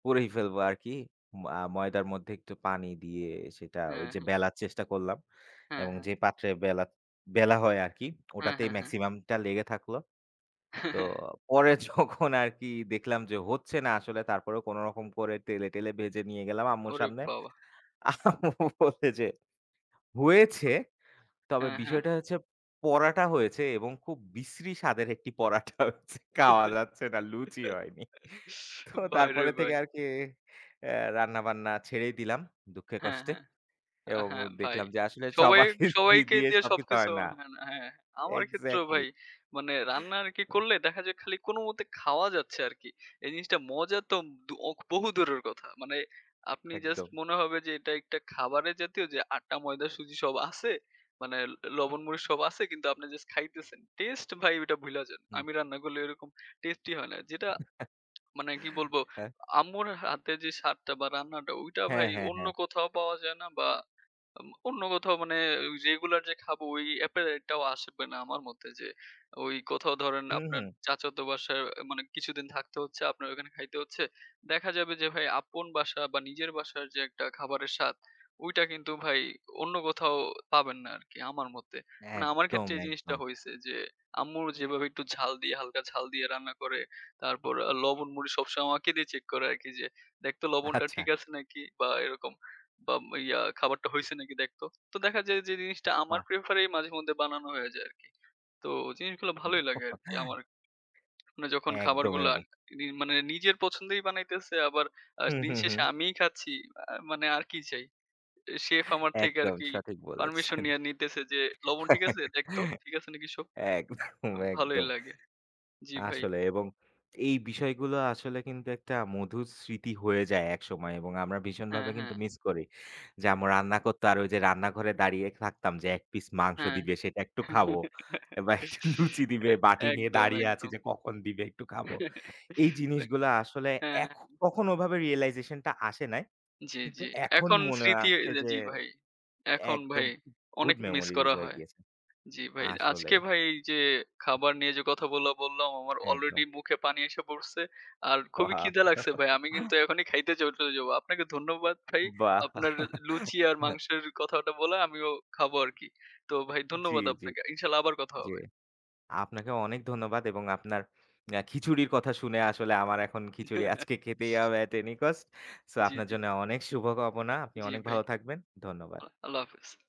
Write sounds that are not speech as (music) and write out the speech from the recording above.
পুড়িয়ে ফেলবো আরকি। ম আ ময়দার মধ্যে একটু পানি দিয়ে সেটা ওই হ্যাঁ, যে হ্যাঁ। বেলার চেষ্টা করলাম। হ্যাঁ, এবং হ্যাঁ। যে পাত্রে বেলা বেলা হয় আরকি হ্যাঁ, ওটাতেই হ্যাঁ, হ্যাঁ। মেক্সিমাম টা লেগে থাকলো। তো (laughs) পরে যখন আরকি দেখলাম যে হচ্ছে না আসলে তারপরেও কোন রকম করে টেলে, টেলে ভেজে নিয়ে গেলাম আম্মুর ওরে সামনে। বাবা! আম্মু বলে যে, "হয়েছে তবে হ্যাঁ, হ্যাঁ। বিষয়টা হচ্ছে পরাটা হয়েছে এবং খুব বিশ্রী স্বাদের একটি পরাটা হয়েছে। খাওয়া যাচ্ছে না, লুচি (giggles) হয়নি।" তো ভাইরে তারপরে থেকে ভাই। আরকি আ রান্না বান্না ছেড়েই দিলাম দুঃখে হ্যাঁ, কষ্টে। হ্যাঁ। আ এবং হ্যাঁ ভাই। দেখলাম যে আসলে সবাই সবাইকে সবাইকে দিয়ে দিয়ে সবকিছু সবকিছু হয় না হয় না। হ্যাঁ। আমার ক্ষেত্রেও exactly. ভাই মানে রান্না আরকি (laughs) করলে দেখা যায় খালি কোন মতে খাওয়া যাচ্ছে আরকি। এই জিনিসটা মজা তোব অ বহু দূরের কথা। মানে আপনি জাস্ট একদম। মনে হবে যে এটা একটা খাবারের জাতীয় যে আটা, ময়দা, সুজি সব আছে। মানে এ লবন, মরিচ সব আছে কিন্তু আপনি জাস্ট খাইতেছেন। টেস্ট ভাই ওইটা ভুলে যান। হু। আমি রান্না করলে এরকম টেস্টি হয় না। যেটা (smacks lips) মানে কি (laughs) বলবো আ হ্যাঁ। আম্মুর হ হাতে যে স্বাদটা বা রান্নাটা ঐটা হ্যাঁ, ভাই হ্যাঁ, অন্য হ্যাঁ। কোথাও পাওয়া যায় না বা আম অন্য কোথাও মানে এ ও রেগুলার যে খাবো ওই appetite টাও আসবে না আমার মতে যে ওই কোথাও ধরেন হু, আপনার হু। চাচাতো বাসায় মানে কিছুদিন থাকতে হচ্ছে, আপনার ওখানে খাইতে হচ্ছে। দেখা যাবে যে ভাই আপন বাসা বা নিজের বাসার যে একটা খাবারের স্বাদ। ঐটা কিন্তু ভাই অন্য কোথাও পাবেন না আরকি আমার মতে। মানে আমার একদম, ক্ষেত্রে এই জিনিসটা একদম। হইছে যে আম্মুর যেভাবে একটু ঝাল দিয়ে হালকা ঝাল দিয়ে রান্না করে, তারপর লবণ মরিচ সবসময় আমাকে দিয়ে চেক করায় আরকি যে, "দেখতো লবণটা আচ্ছা। ঠিক আছে নাকি?' বা এরকম বা এম ইয়া, "খাবারটা হইছে নাকি দেখতো?" তো দেখা যায় যে জিনিসটা আমার বাহ! প্রেফার এই মাঝে মধ্যে বানানো হয়ে যায় আরকি। তো জিনিসগুলো ভালোই লাগে আরকি (chuckles) আমার। যখন একদম। খাবারগুলা (unintelligible) মানে নিজের পছন্দেই বানাইতেছে আবার আ হু, দিন হু, শেষে হু। আমিই খাচ্ছি। আ মানে আর কি চাই? এ শেফ আমার থেকে আর একদম কি সঠিক পারমিশন বলেছেন। নিয়া নিতেছে যে, "লবণ ঠিক আছে? (laughs) দেখতো। ঠিক আছে নাকি সব।" একদম, ভালোই একদম। লাগে। জি ভাই। আসলে এবং এই বিষয়গুলো আসলে কিন্তু একটা মধুর স্মৃতি হয়ে যায় একসময় এবং আমরা হ্যাঁ, ভীষণভাবে কিন্তু হ্যাঁ। মিস করি। যে আম্মু রান্না করতো আর ওই যে রান্নাঘরে দাঁড়িয়ে থাকতাম যে ১ পিস মাংস হ্যাঁ। দিবে সেটা একটু খাবো। (giggles) বা একটু লুচি দিবে বাটি নিয়ে একদম, দাঁড়িয়ে আছি, একদম। যে কখন দিবে একটু খাবো। (laughs) এই জিনিসগুলা আসলে হ্যাঁ। এখ কখনো ওভাবে realisation টা আসে নাই। জি, কিন্তু জি। এখন এখন মনে এ স্মৃতি আছে যে জি ভাই। এখন একদম ভাই অনেক good মিস memories করা এ হয়ে হয়। গিয়েছে। জি ভাই। আসলে। আজকে ভাই যে খাবার নিয়ে যে কথাগুলা বললাম আমার একদম। আলরেডি মুখে পানি এসে পড়ছে। আর খুবই ওয়াও! খিদে লাগছে ভাই। আমি কিন্তু (giggles) এখনই খাইতে চলে যাব। আপনাকে ধন্যবাদ ভাই। বাহ! আপনার এ লুচি আর (giggles) মাংসের কথাটা বলা আমিও খাবো আরকি। তো ভাই জি, ধন্যবাদ জি, আপনাকে। ইনশাল্লাহ আবার কথা জি। হবে। আপনাকে অনেক ধন্যবাদ এবং আপনার আ খিচুড়ির কথা শুনে আসলে আমার এখন খিচুড়ি (laughs) আজকে খেতেই হবে at any cost. সো জি, আপনার জি। জন্য অনেক শুভ কামনা। আপনি জি, অনেক ভাই। ভালো থাকবেন। ধন্যবাদ। আ আল্লাহ হাফেজ।